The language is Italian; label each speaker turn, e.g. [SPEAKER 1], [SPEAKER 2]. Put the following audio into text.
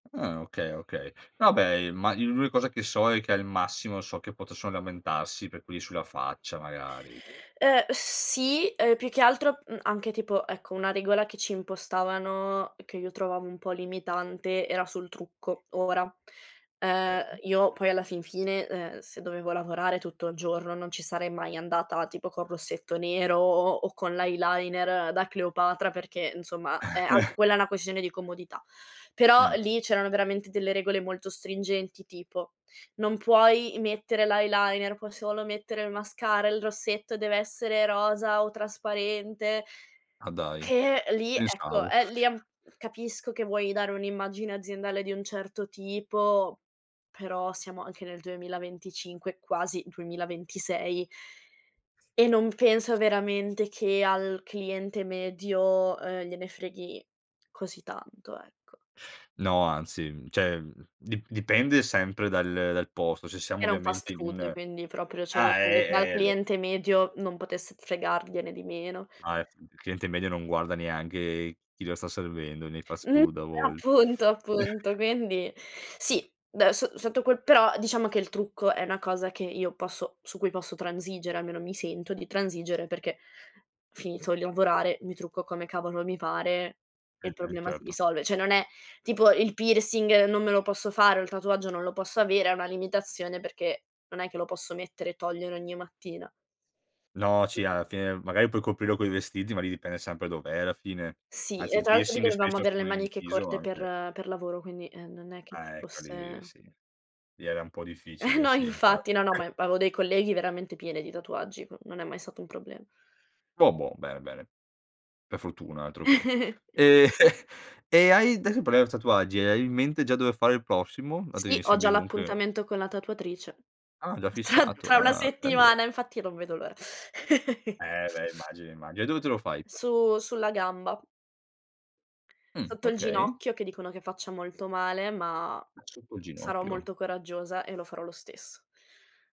[SPEAKER 1] Ah, okay, okay. No beh, imma i l'unica cosa che so è che, al massimo, so che potessero lamentarsi per quelli sulla faccia magari.
[SPEAKER 2] Uhm, sì, uhm, più che altro, mhmm, anche tipo ecco, una regola che ci impostavano, che io trovavo un po' limitante, era sul trucco. Ora, uhm,
[SPEAKER 1] Eh.
[SPEAKER 2] io poi alla fin fine, uhm, se dovevo lavorare tutto il giorno non ci sarei mai andata tipo, col rossetto nero o o con l'eyeliner da Cleopatra perché, insomma, eh, anche quella è una questione di comodità. Però,
[SPEAKER 1] Mh.
[SPEAKER 2] lì c'erano veramente delle regole molto stringenti tipo, non puoi mettere l' eyeliner puoi solo mettere il mascara, il rossetto dev'essere rosa o trasparente
[SPEAKER 1] Ah, dai.
[SPEAKER 2] che lì, ecco,
[SPEAKER 1] Pensavo.
[SPEAKER 2] eh, lì an capisco che vuoi dare un'immagine aziendale di un certo tipo, però siamo anche nel 2025, quasi 2026 e non penso veramente che al cliente medio, uhm, gliene freghi così tanto, ecco.
[SPEAKER 1] No, anzi, cioè di dipende sempre dal dal posto. Se siamo
[SPEAKER 2] Era un
[SPEAKER 1] ovviamente
[SPEAKER 2] fast food
[SPEAKER 1] in
[SPEAKER 2] quindi proprio, cioè, io
[SPEAKER 1] ah,
[SPEAKER 2] credo che al
[SPEAKER 1] eh, eh l
[SPEAKER 2] cliente medio non potesse fregargliene di meno.
[SPEAKER 1] Ah, eh, f il cliente medio non guarda neanche chi lo sta servendo, nei fast
[SPEAKER 2] N eh,
[SPEAKER 1] food a vol
[SPEAKER 2] appunto, appunto quindi sì, da so sotto quel però, diciamo che il trucco è una cosa che io posso su cui posso transigere, almeno, mi sento di transigere perché finito di lavorare, mi trucco come cavolo mi pare e il
[SPEAKER 1] Mh-mh,
[SPEAKER 2] problema si
[SPEAKER 1] certo.
[SPEAKER 2] risolve. Cioè, non è tipo il piercing non me lo posso fare o il tatuaggio non lo posso avere, è una limitazione, perché non è che lo posso mettere e togliere ogni mattina.
[SPEAKER 1] No,
[SPEAKER 2] I
[SPEAKER 1] sì,
[SPEAKER 2] così.
[SPEAKER 1] alla fine, magari, puoi coprirlo coi vestiti, ma lì dipende sempre dov'è, alla fine.
[SPEAKER 2] Sì,
[SPEAKER 1] Anzi,
[SPEAKER 2] e
[SPEAKER 1] il
[SPEAKER 2] tra l'altro lì
[SPEAKER 1] piercing
[SPEAKER 2] dovevamo
[SPEAKER 1] spesso,
[SPEAKER 2] aver le
[SPEAKER 1] sono in
[SPEAKER 2] maniche
[SPEAKER 1] viso,
[SPEAKER 2] corte per
[SPEAKER 1] anche.
[SPEAKER 2] per lavoro, quindi, ehm, non è che ci
[SPEAKER 1] Ecco li
[SPEAKER 2] fosse
[SPEAKER 1] sì, lì era un po' difficile,
[SPEAKER 2] No,
[SPEAKER 1] sì,
[SPEAKER 2] infatti,
[SPEAKER 1] infatti.
[SPEAKER 2] no, no, ma avevo dei colleghi veramente piene di tatuaggi, ehm, non è mai stato un problem
[SPEAKER 1] Bobo bene, bene, per fortuna altroché. E e hai ades parliamo tatuaggi, e hai in mente già dove fare il prossimo, dato che
[SPEAKER 2] Sì,
[SPEAKER 1] mi
[SPEAKER 2] ho
[SPEAKER 1] sembri
[SPEAKER 2] già
[SPEAKER 1] comunque
[SPEAKER 2] l'appuntamento con la tatuatrice
[SPEAKER 1] Ah, già
[SPEAKER 2] tra
[SPEAKER 1] fissato.
[SPEAKER 2] tra 1
[SPEAKER 1] Ah, bello.
[SPEAKER 2] settimana infatti non vedo l'ora.
[SPEAKER 1] Eh, beh, immagino, immagino, e dove te lo fai?
[SPEAKER 2] Su sulla gamba.
[SPEAKER 1] Mh,
[SPEAKER 2] Sotto il
[SPEAKER 1] okay.
[SPEAKER 2] ginocchio, che dicono che faccia molto male, ma
[SPEAKER 1] Ah, sotto il
[SPEAKER 2] sarò
[SPEAKER 1] ginocchio?
[SPEAKER 2] molto coraggiosa e lo farò lo stesso.